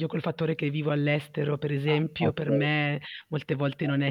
Io col fattore che vivo all'estero per Ah, esempio per okay. me molte volte non è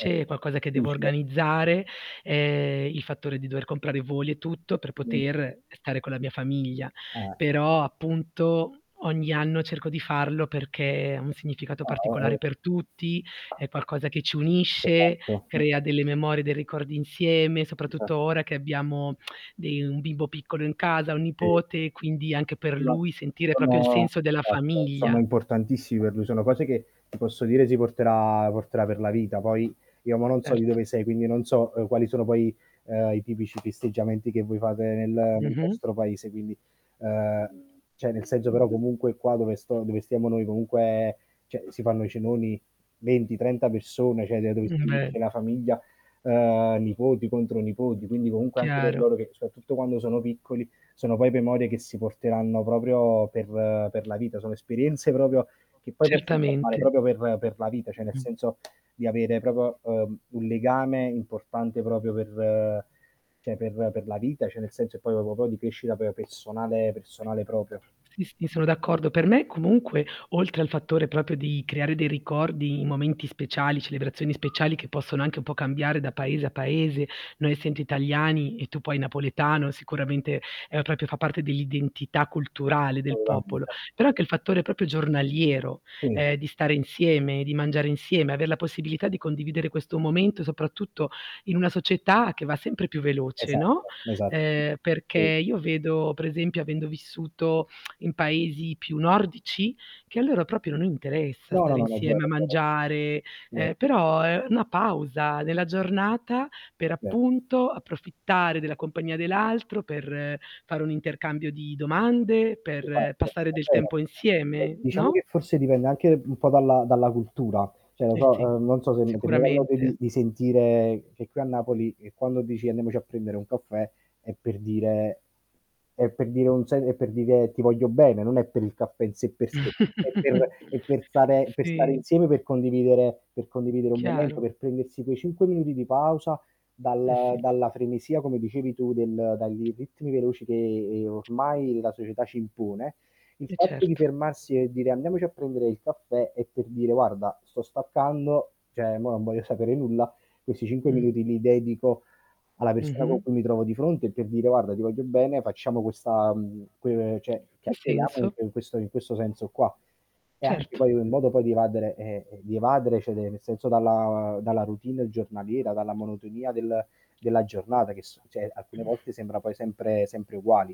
Eh, eh. è qualcosa che devo Difficile. organizzare, ehm, il fattore di dover comprare voli e tutto per Mh. poter stare con la mia famiglia, Eh. però appunto, ogni anno cerco di farlo perché ha un significato Ah, particolare mh-mh. per tutti, è qualcosa che ci Che hai unisce, fatto? crea [unintelligible] delle memorie, dei ricordi insieme, soprattutto Esatto. ora che abbiamo dei un bimbo piccolo in casa, un Eh. nipote, quindi anche per [unintelligible] lui sentire proprio il Sono senso della esatto, sono famiglia. importantissimi per lui, sono cose che ti posso dire si porterà porterà per la vita, poi io mo non so di Certo. dove sei, quindi non so quali, ehm, sono poi i tipici festeggiamenti che voi fate nel nel Mh-mh. vostro paese quindi, ehm, cioè nel senso però comunque qua dove sto dove stiamo noi comunque cioè si fanno i cenoni 20, 30 persone, cioè d dove si Mh, beh. riunisce la famiglia, ehm, nipoti contro nipoti quindi comunque anche per Chiaro. loro che soprattutto quando sono piccoli sono poi memorie che si porteranno proprio per per la vita, sono esperienze proprio che poi possono formare Certamente. proprio per per la vita, cioè nel Mh. senso di avere proprio, ehm, un legame importante proprio per cioè per per la vita, cioè nel senso che poi proprio di crescita pe personale -personale proprio. Sì, sì, sono d'accordo. Per me comunque oltre al fattore proprio di creare dei ricordi, momenti speciali, celebrazioni speciali che possono anche un po' cambiare da paese a paese, noi essendo italiani e tu poi napoletano sicuramente, ehm, proprio fa parte dell'identità culturale del popolo, [unintelligible] però anche il fattore proprio giornaliero, Mh. ehm, di stare insieme, di mangiare insieme, aver la possibilità di condividere questo momento soprattutto in una società che va sempre più veloce, no, Esatto, esatto. ehm, perché Sì. io vedo per esempio avendo vissuto in paesi più nordici, che a loro proprio non interessa No, no, stare no, è vero, insieme a è vero. mangiare, Vero, ehm, vero. però è una pausa nella giornata per È vero. appunto approfittare della compagnia dell'altro, per fare un intercambio di domande, [unintelligible] Va per passare del bene. tempo Eh, insieme, diciamo no? che forse dipende anche un po' dalla dalla cultura, cioè lo Eh sì, so non so se ti è mai capitato sicuramente. di sentire che qui a Napoli, che quando dici: "Andiamoci a prendere un caffè" è per dire è per dire un se è per dire: "Ti voglio bene," non è per il caffè in sé per sé, è per è per stare per stare Sì. insieme, per condividere per condividere un momento, Chiaro. per prendersi quei 5 minuti di pausa Eh dal sì. dalla frenesia come dicevi tu del dai ritmi veloci che ormai la società ci impone, il E fatto di certo. fermarsi e dire andiamoci a prendere il caffè è per dire: "Guarda sto staccando cioè mo non voglio sapere nulla." Questi 5 Mh. minuti li dedico alla persona con Mh-mh. cui mi trovo di fronte per dire: "Guarda ti voglio bene facciamo questa ehm, uhm, cioè Ha chiacchieriamo senso in questa in questo senso qua." È anche Certo. poi in modo poi di evadere eh, di evadere cioè nel senso dalla dalla routine giornaliera, dalla monotonia del della giornata che s cioè alcune volte sembra poi sempre sempre uguali.